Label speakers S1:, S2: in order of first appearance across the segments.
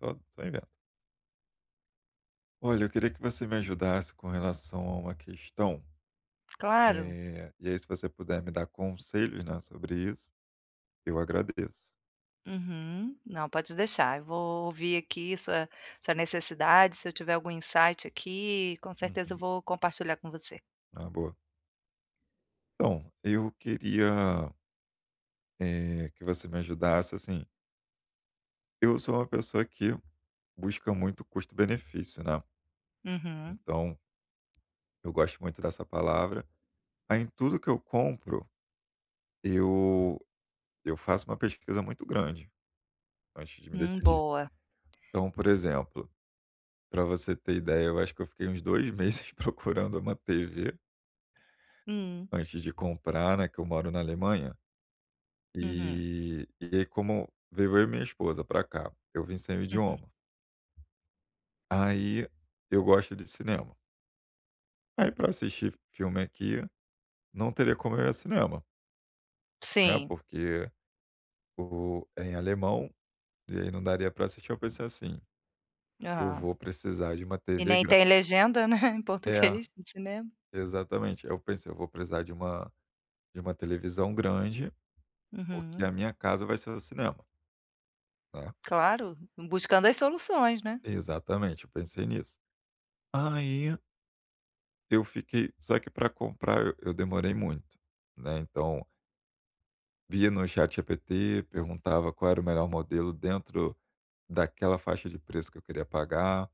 S1: Tô, só inventa. Olha, eu queria que você me ajudasse com relação a uma questão,
S2: Claro.
S1: eh, e aí se você puder me dar conselhos, né, sobre isso, eu agradeço.
S2: Uhum. Não, pode deixar. Eu vou ouvir aqui sua sua necessidade, se eu tiver algum insight aqui, com certeza eu
S1: Uhum.
S2: vou compartilhar com você.
S1: Ah, boa. Então, eu queria eh, que você me ajudasse, assim eu sou uma pessoa que busca muito custo-benefício, né,
S2: Uhum.
S1: então eu gosto muito dessa palavra. Aí em tudo que eu compro, eu eu faço uma pesquisa muito grande antes de me
S2: Hum,
S1: decidir.
S2: boa.
S1: Então, por exemplo, pra você ter ideia, eu acho que eu fiquei uns 2 meses procurando uma TV
S2: Hum.
S1: antes de comprar, né. Que eu moro na Alemanha,
S2: Uhum.
S1: e e aí como veio eu e minha esposa pra cá, eu vim sem o
S2: Uhum.
S1: idioma. Aí eu gosto de cinema. Aí para assistir filme aqui, não teria como ir ao cinema né
S2: Sim.
S1: porque o é em alemão, e aí não daria pra assistir, eu pensei assim: "Eu
S2: Ah,
S1: vou precisar de uma
S2: e
S1: TV
S2: nem
S1: gran"
S2: tem legenda, né, em
S1: é,
S2: português no cinema.
S1: exatamente. Eu pensei: "Eu vou precisar de uma de uma televisão grande, porque
S2: Uhum.
S1: a minha casa vai ser o cinema" né.
S2: Claro, buscando as soluções, né.
S1: Exatamente, eu pensei nisso. Aí eu fiquei só que para comprar eu demorei muito, né, então via no ChatGPT, perguntava qual era o melhor modelo dentro daquela faixa de preço que eu queria pagar,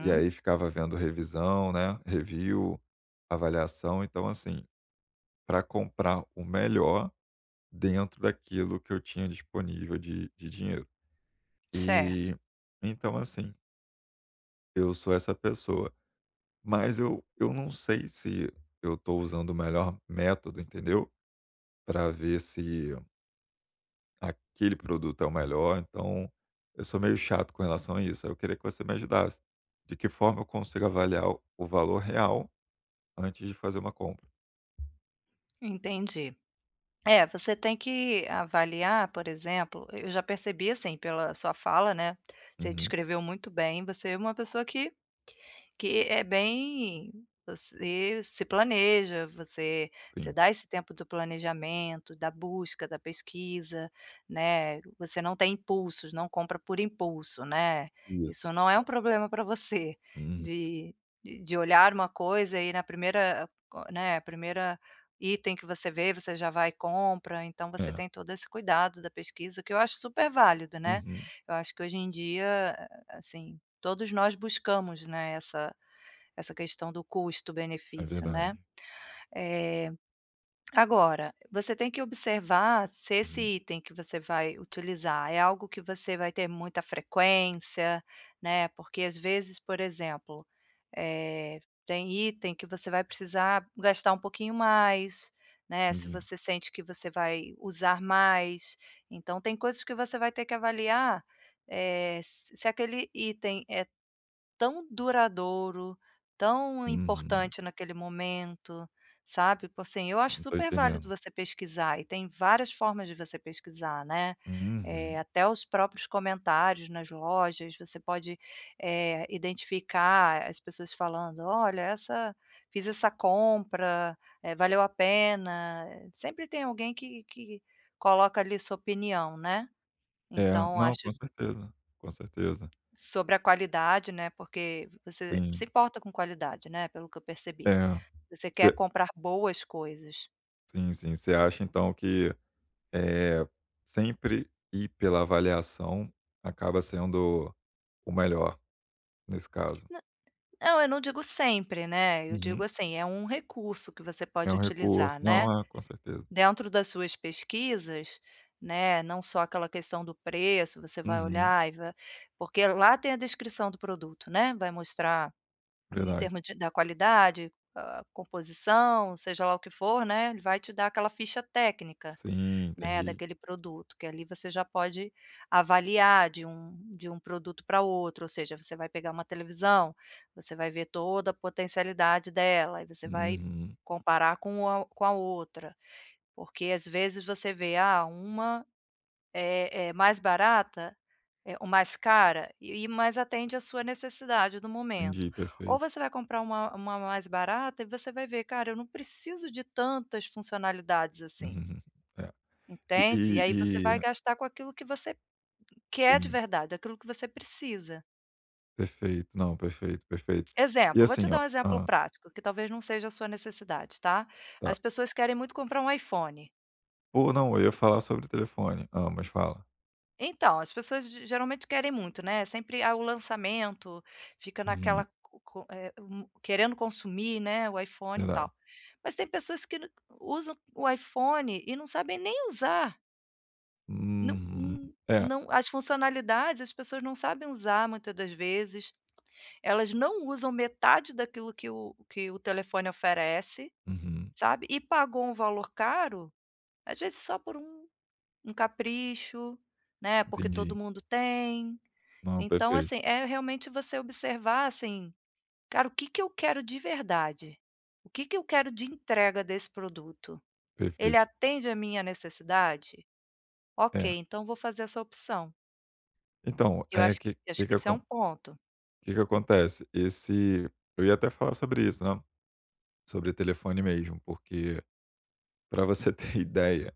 S1: e aí ficava vendo revisão, né, review, avaliação, então assim, para comprar o melhor dentro daquilo que eu tinha disponível de de dinheiro,
S2: Certo.
S1: e então assim eu sou essa pessoa, mas eu eu não sei se eu estou usando o melhor método, entendeu para ver se Aquele produto é o melhor. Então, eu sou meio chato com relação a isso. Aí, eu queria que você me ajudasse. De que forma eu consigo avaliar o o valor real antes de fazer uma compra?
S2: Entendi. É, você tem que avaliar, por exemplo, eu já percebi assim pela sua fala, né, você
S1: Uhum.
S2: descreveu muito bem, você é uma pessoa que que é bem você se planeja, você você
S1: Sim.
S2: dá esse tempo do planejamento, da busca, da pesquisa, né. Você não tem impulsos, não compra por impulso, né.
S1: Isso,
S2: Isso não é um
S1: é.
S2: problema pra você,
S1: Uhum.
S2: de e de olhar uma coisa e na primeira coi né, primeira item que você vê, você já vai e compra. Então, você
S1: É.
S2: tem todo esse cuidado da pesquisa, o que eu acho super válida, né.
S1: Uhum.
S2: Eu acho que hoje em dia, a a assim, todos nós buscamos, né, essa essa questão do
S1: É
S2: custo-benefício, né.
S1: verdade.
S2: Eh, agora, você tem que observar se esse
S1: Uhum.
S2: item que você vai utilizar é algo que você vai ter muita frequência, né, porque às vezes, por exemplo, eh, tem item que você vai precisar gastar um pouquinho mais, né, se
S1: Entendi.
S2: você sente que você vai usar mais. Então, tem coisas que você vai ter que avaliar, eh, se se aquele item é tão duradouro, tão
S1: Uhum.
S2: importante naquele momento, sabe, tipo assim, eu acho
S1: Uhum, tô
S2: super válido
S1: entendendo.
S2: você pesquisar e tem várias formas de você pesquisar, né. Eh,
S1: Uhum.
S2: até os próprios comentários nas lojas, você pode, eh, identificar as pessoas falando, olha, essa fiz essa compra, eh, valeu a pena. Sempre tem alguém que que coloca ali sua opinião, né.
S1: É,
S2: Então
S1: não,
S2: acho
S1: com certeza, com certeza.
S2: Sobre a qualidade, né, porque você se
S1: Sim.
S2: importa com qualidade, né, pelo que eu percebi.
S1: É,
S2: Você quer
S1: você
S2: comprar boas coisas.
S1: Sim, sim, você acha então que, eh, sempre ir pela avaliação acaba sendo o melhor nesse caso.
S2: Na não, eu não digo sempre, né, eu digo
S1: Uhum.
S2: assim, é um recurso que você
S1: É
S2: pode
S1: um recurso.
S2: utilizar, né,
S1: Não, é, com certeza.
S2: dentro das suas pesquisas, né, não só aquela questão do preço, você vai
S1: Uhum.
S2: olhar e vai porque lá tem a descrição do produto, né, vai mostrar em
S1: Verdade.
S2: termos de da qualidade, a a composição, seja lá o que for, né, ele vai te dar aquela ficha técnica,
S1: Sim,
S2: né,
S1: entendi.
S2: daquele produto, que ali você já pode avaliar de um de um produto para outro. Ou seja, você vai pegar uma televisão, você vai ver toda a potencialidade dela, aí você vai
S1: Uhum.
S2: comparar com a o com a outra, porque às vezes você vê: "Ah, uma é é mais barata? É ou mais cara?". E o e mas atende a sua necessidade do momento.
S1: Entendi,
S2: Ou
S1: perfeito.
S2: você vai comprar uma uma mais barata e você vai ver: "Cara, eu não preciso de tantas funcionalidades assim".
S1: Uhum, hum, é.
S2: Entende? E
S1: Eh,
S2: aí você vai
S1: eh
S2: gastar com aquilo que você quer de
S1: Sim.
S2: verdade, aquilo que você precisa.
S1: Perfeito. Não, perfeito, perfeito. E
S2: Exemplo, vou te
S1: assim,
S2: dar
S1: ó
S2: um exemplo
S1: hã.
S2: prático, que talvez não seja a sua necessidade, tá? As
S1: Tá.
S2: pessoas querem muito comprar um iPhone.
S1: Ou não, eu ia falar sobre telefone. Ah, mas fala.
S2: Então, as pessoas ge geralmente querem muito, né sempre há o lançamento, fica naquela
S1: Uhum.
S2: co co eh, hum, querendo consumir, né, o iPhone e tal.
S1: Verdade.
S2: Mas tem pessoas que não usam o iPhone e não sabem nem usar. Não,
S1: Uhum,
S2: hum,
S1: é.
S2: não, as funcionalidades, as pessoas não sabem usar muita das vezes, elas não usam metade daquilo que o que o telefone oferece,
S1: Uhum.
S2: sabe? E pagou um valor caro, às vezes só por um um capricho, né, porque todo
S1: Entendi.
S2: mundo tem.
S1: Não,
S2: Então
S1: perfeito
S2: assim, é realmente você observar, assim: "Cara, o que que eu quero de verdade? O que que eu quero de entrega desse produto? Ele
S1: Perfeito.
S2: atende a minha necessidade? Ok,
S1: É.
S2: então vou fazer essa opção".
S1: Então,
S2: Eu
S1: é
S2: acho
S1: que
S2: acho
S1: que
S2: que
S1: que
S2: isso é um
S1: acon
S2: ponto.
S1: que que acontece? Esse eu ia até falar sobre isso, né, sobre telefone mesmo, porque pra você ter ideia,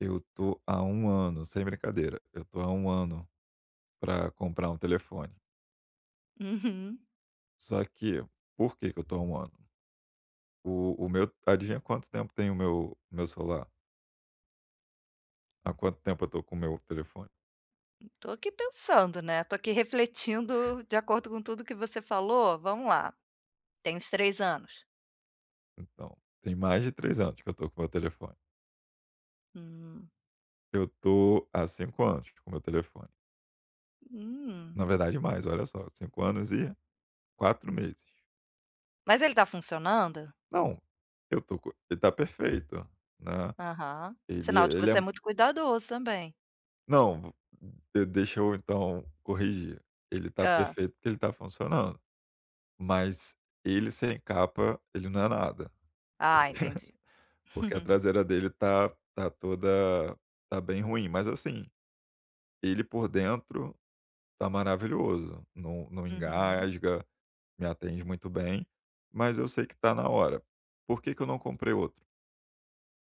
S1: eu tô há 1 ano, sem brincadeira, eu tô há 1 ano pra comprar um telefone.
S2: Uhum.
S1: Só que, por que que eu tô há 1 ano? O o meu adivinha quanto tempo tem o meu meu celular? Há quanto tempo eu tô com o meu telefone?
S2: Tô aqui pensando, né. Tô aqui refletindo de acordo com tudo que você falou. Vamo lá. Tem uns 3 anos.
S1: Então, tem mais de 3 anos que eu tô com meu telefone.
S2: Hum.
S1: Eu tô há 5 anos com meu telefone.
S2: Hum.
S1: Na verdade, mais, olha só, 5 anos e 4 meses.
S2: Mas ele tá funcionando?
S1: Não, eu tô com e e tá perfeito, né.
S2: Aham.
S1: Ele
S2: Sinal de que
S1: ele é
S2: você é
S1: um
S2: muito cuidadoso também.
S1: Não, e deixa eu então corrigir. Ele tá
S2: Hã.
S1: perfeito, porque ele tá funcionando, mas ele sem capa, ele não é nada,
S2: Ah, entendi.
S1: porque a traseira dele tá tá toda tá bem ruim, mas assim, ele por dentro tá maravilhoso. Não não
S2: Uhum.
S1: engasga, me atende muito bem, mas eu sei que tá na hora. Por que que eu não comprei outro?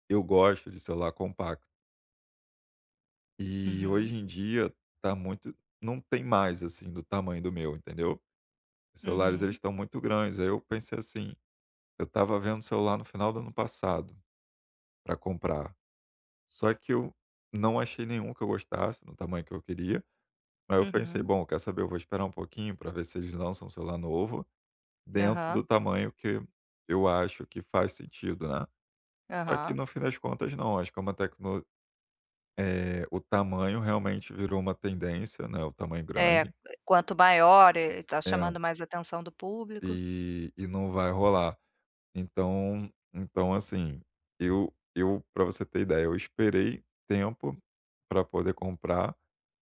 S1: Eu gosto de celular compacto. E
S2: Uhum.
S1: hoje em dia tá muito não tem mais assim, do tamanho do meu, entendeu, os celulares,
S2: Uhum.
S1: eles tão muito grandes. Aí, eu pensei assim, eu estava vendo celular no final do ano passado pra comprar, só que eu não achei nenhum que eu gostasse no tamanho que eu queria. Aí, eu pensei:
S2: Uhum.
S1: "Bom, quer saber? Eu vou esperar um pouquinho pra ver se eles lançam um celular novo, dentro do
S2: Aham.
S1: tamanho que eu acho que faz sentido", né. Só que
S2: Aham.
S1: no fim das contas, não, acho que é uma tecnolo eh, o tamanho realmente virou uma tendência, né, o tamanho
S2: É é,
S1: grande.
S2: quanto maior é, tá chamando
S1: É.
S2: mais atenção do público.
S1: E e não vai rolar. Então então assim, eu eu pra você ter ideia, eu esperei tempo pra poder comprar,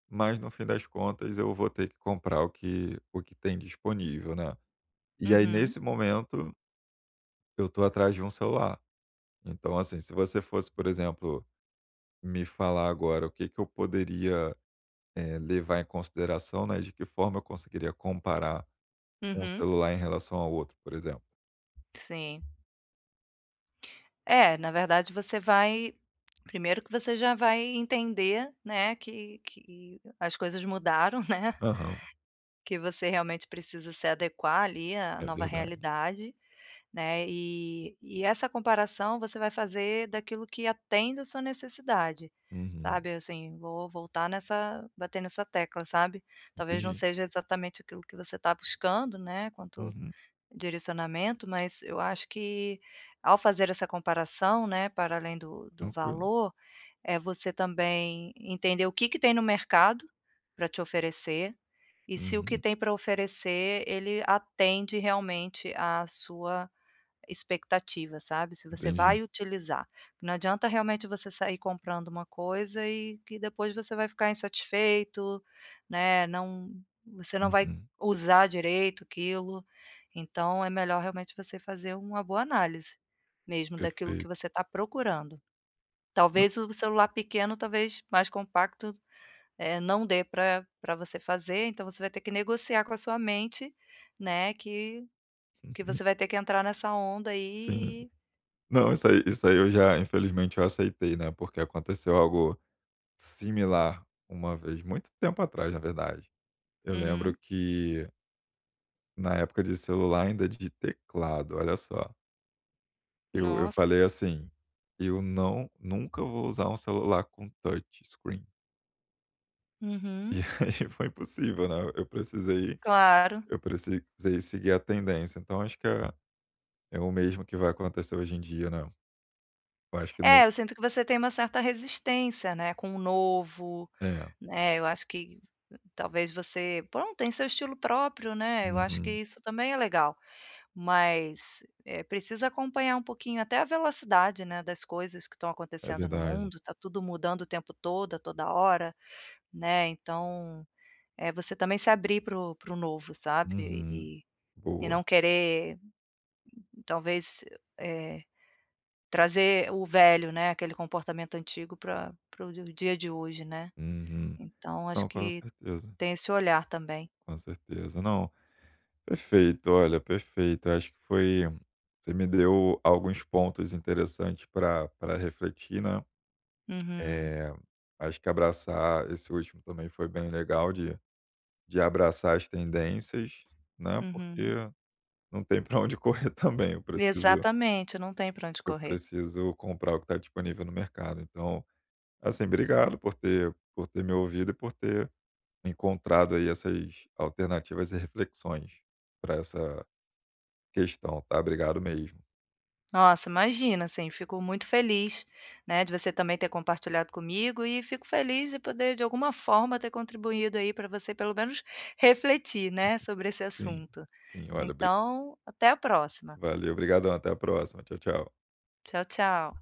S1: mas no fim das contas eu vou ter que comprar o que o que tem disponível, né, e aí
S2: Uhum.
S1: nesse momento eu tô atrás de um celular. Então assim, se você fosse, por exemplo, me falar agora o que que eu poderia, eh, levar em consideração, né, e de que forma eu conseguiria comparar um
S2: Uhum.
S1: celular em relação ao outro, por exemplo.
S2: Sim. É, na verdade, você vai primeiro que você já vai entender, né, que que as coisas mudaram, né.
S1: Aham.
S2: Que você realmente precisa se adequar ali, à
S1: É
S2: nova
S1: verdade.
S2: realidade, né. Eh, e essa comparação você vai fazer daquilo que atende a sua necessidade,
S1: Uhum.
S2: sabe assim, vou voltar nessa bater nessa tecla, sabe, talvez não
S1: Entendi.
S2: seja exatamente aquilo que você tá buscando, né, quanto
S1: Uhum.
S2: direcionamento, mas eu acho que ao fazer essa comparação, né, para além do do
S1: Tranquilo.
S2: valor, eh, você também entender o que que tem no mercado pra te oferecer e se o que
S1: Uhum.
S2: tem pra oferecer, ele atende realmente à sua expectativa, sabe, se você
S1: Entendi.
S2: vai utilizar. Não adianta realmente você sair comprando uma coisa e que depois você vai ficar insatisfeito, né não, você não vai
S1: Uhum.
S2: usar direito aquilo. Então, é melhor realmente você fazer uma boa análise, mesmo, daquilo que
S1: Perfeito.
S2: você tá procurando.
S1: Mas
S2: Talvez o celular pequeno, talvez, mais compacto, eh, não dê pra pra você fazer, então, você vai ter que negociar com a sua mente, né, que que
S1: Uhum.
S2: você vai ter que entrar nessa onda
S1: Sim.
S2: aí e
S1: Não, isso aí isso aí eu já, infelizmente, eu aceitei, né, porque aconteceu algo similar uma vez, muito tempo atrás, na verdade. Eu lembro
S2: Uhum.
S1: que na época de celular ainda de teclado, olha só. Eu eu
S2: Nossa.
S1: falei assim: "Eu não nunca vou usar um celular com touch screen". E
S2: Uhum.
S1: aí foi impossível, né. Eu precisei
S2: Claro.
S1: eu precisei seguir a tendência. Então, acho que é é o mesmo que vai acontecer hoje em dia, né. Eu acho que não
S2: É, eu sinto que você tem uma certa resistência, né, com o novo,
S1: É.
S2: né. Eu acho que, talvez, você, pronto, tem seu estilo próprio, né. Eu acho que
S1: Uhum.
S2: isso também é legal. Mas, eh, precisa acompanhar um pouquinho até a velocidade, né, das coisas que estão
S1: É
S2: acontecendo no
S1: verdade.
S2: mundo. Tá tudo mudando o tempo todo, a toda hora, né. Então, eh, você também se abrir para o para o novo, sabe,
S1: Uhum.
S2: e e
S1: Boa.
S2: não querer, talvez, eh, trazer o velho, né, aquele comportamento antigo pra pra o dia de hoje, né.
S1: Uhum.
S2: Então, acho
S1: Não, com
S2: que
S1: certeza.
S2: tem esse olhar também.
S1: Com certeza. Não, perfeito. Olha, perfeito. Acho que foi você me deu alguns pontos interessantes pra pra refletir, né.
S2: Uhum.
S1: Eh, acho que abraçar esse último também foi bem legal, de de abraçar as tendências, né.
S2: Uhum.
S1: Porque não tem pra onde correr também, eu preciso
S2: Exatamente, não tem pra onde
S1: eu
S2: correr.
S1: preciso comprar o que tá disponível no mercado. Então, assim, obrigado por ter por ter me ouvido e por ter encontrado aí essas alternativas e reflexões para essa questão, tá. Obrigado mesmo.
S2: Nossa, imagina. Assim, fico muito feliz, né, de você também ter compartilhado comigo e fico feliz de poder, de alguma forma, ter contribuído aí para você pelo menos refletir, né, sobre esse
S1: Sim,
S2: assunto.
S1: sim. Olha, bri
S2: Então, até a próxima.
S1: Valeu, brigadão. Até a próxima. Tchau, tchau.
S2: Tchau, tchau.